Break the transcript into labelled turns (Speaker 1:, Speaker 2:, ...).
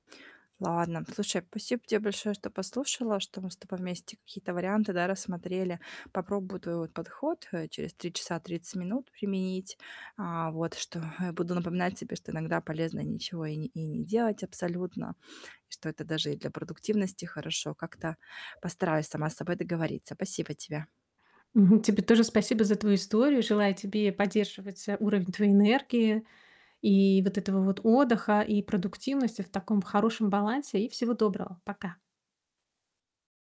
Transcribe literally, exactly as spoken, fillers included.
Speaker 1: Ладно, слушай, спасибо тебе большое, что послушала, что мы с тобой вместе какие-то варианты, да, рассмотрели. Попробую твой, вот, подход, э, через три часа тридцать минут применить, а, вот что, э, буду напоминать себе, что иногда полезно ничего и не и не делать абсолютно, и что это даже и для продуктивности хорошо. Как-то постараюсь сама с собой договориться. Спасибо тебе.
Speaker 2: Мгм. Тебе тоже спасибо за твою историю. Желаю тебе поддерживать, э, уровень твоей энергии, и вот этого вот отдыха и продуктивности в таком хорошем балансе. И всего доброго, пока!